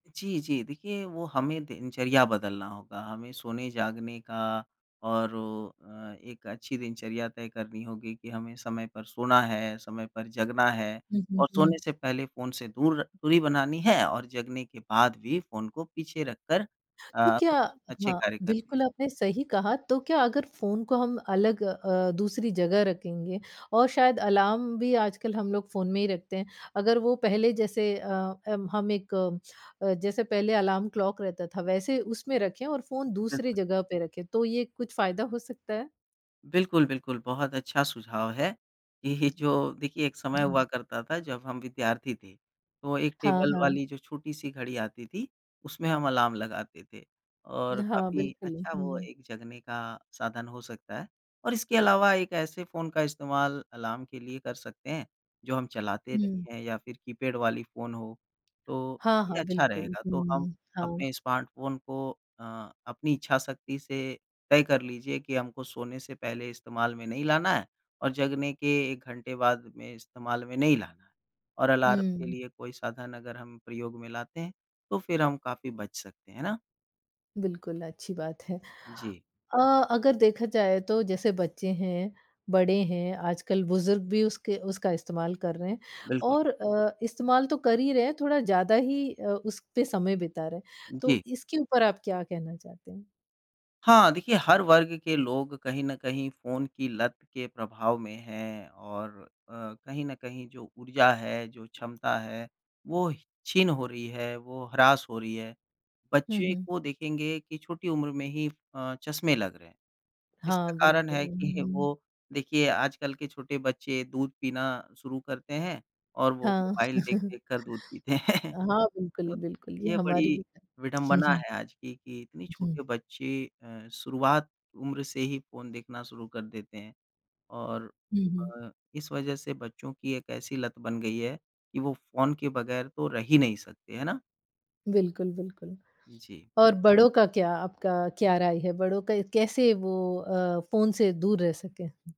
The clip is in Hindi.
जी, जी। देखिए, वो हमें दिनचर्या बदलना होगा। हमें सोने-जागने का और अ, एक अच्छी दिनचर्या तय करनी होगी कि हमें समय पर सोना है, समय पर जगना है। हुँ, हुँ, और सोने हुँ। से पहले फ़ोन से दूर दूरी बनानी है और जगने के बाद भी फ़ोन को पीछे रखकर तो अ, क्या कुछ अच्छे हाँ, कार्य करने बिल्कुल हैं। आपने सही कहा। तो क्या अगर फ़ोन को हम अलग अ, दूसरी जगह रखेंगे और शायद अलार्म भी आजकल हम लोग फ़ोन में ही रखते हैं। अगर वो पहले जैसे अ, अम, हम एक अ, जैसे पहले अलार्म क्लॉक रहता था, वैसे उसमें रखें और फ़ोन दूसरी बिल्कुल। जगह पे रखें, तो ये कुछ फ़ायदा हो सकता है? बिल्कुल, बिल्कुल। बहुत अच्छा सुझाव है। ये ही जो देखिए, एक समय हुँ। हुआ करता था, जब हम विद्यार्थी थे। तो एक हाँ, टेबल हाँ। वाली जो छोटी-सी घड़ी आती थी, उसमें हम अलार्म लगाते थे, और हाँ, काफ़ी बिल्कुल। अच्छा वो हुँ। एक जगने का साधन हो सकता है। और इसके अलावा एक ऐसे फ़ोन का इस्तेमाल अलार्म के लिए कर सकते हैं, जो हम चलाते हुँ। नहीं हैं या फिर कीपैड वाली फ़ोन हो, तो हाँ, ये हाँ, अच्छा बिल्कुल। रहेगा। तो हम हुँ। हाँ। अपने स्मार्टफ़ोन को अ, अपनी इच्छा शक्ति से तय कर लीजिए कि हमको सोने से पहले इस्तेमाल में नहीं लाना है और जगने के 1 घंटे बाद में इस्तेमाल में नहीं लाना है। और अलार्म के हुँ। लिए कोई साधन अगर हम प्रयोग में लाते हैं, तो फिर हम काफ़ी बच सकते हैं। है ना? बिल्कुल, अच्छी बात है। जी। अ, अगर देखा जाए तो जैसे बच्चे हैं, बड़े हैं, आजकल बुज़ुर्ग भी उसके उसका इस्तेमाल कर रहें हैं। बिल्कुल। और अ, इस्तेमाल तो कर ही रहें हैं, थोड़ा ज़्यादा ही अ, उस पे समय बिता रहें हैं। जी। तो इसके ऊपर आप क्या कहना चाहते हैं? हाँ, देखिए, हर वर्ग के लोग कहीं न कहीं फ़ोन की लत के प्रभाव में हैं और अ, कहीं न कहीं जो ऊर्जा है, जो क्षमता है, वो छिन हो रही है, वो हरास हो रही है। हुँ, बच्चे हुँ। को देखेंगे कि छोटी उम्र में ही अ, चश्मे लग रहें हैं। इसका हाँ, कारण बिल्कुल। है कि हुँ। वो देखिए, आजकल के छोटे बच्चे दूध पीना शुरू करते हैं और वो हाँ। मोबाइल देख-देख कर दूध पीते हैं। हाँ, बिल्कुल, तो बिल्कुल। ये ये हमारी बड़ी भी है। विडंबना है आज की, कि इतनी हुँ। छोटे बच्चे अ, शुरुआत उम्र से ही फ़ोन देखना शुरू कर देते हैं और हुँ, हुँ। अ, इस वज़ह से बच्चों की एक ऐसी लत बन गई है कि वो फ़ोन के बग़ैर तो रह ही नहीं सकते। है ना? बिल्कुल, बिल्कुल। जी। और बड़ों का क्या? आपका क्या राय है बड़ों का कैसे वो अ, फ़ोन से दूर रह सकें?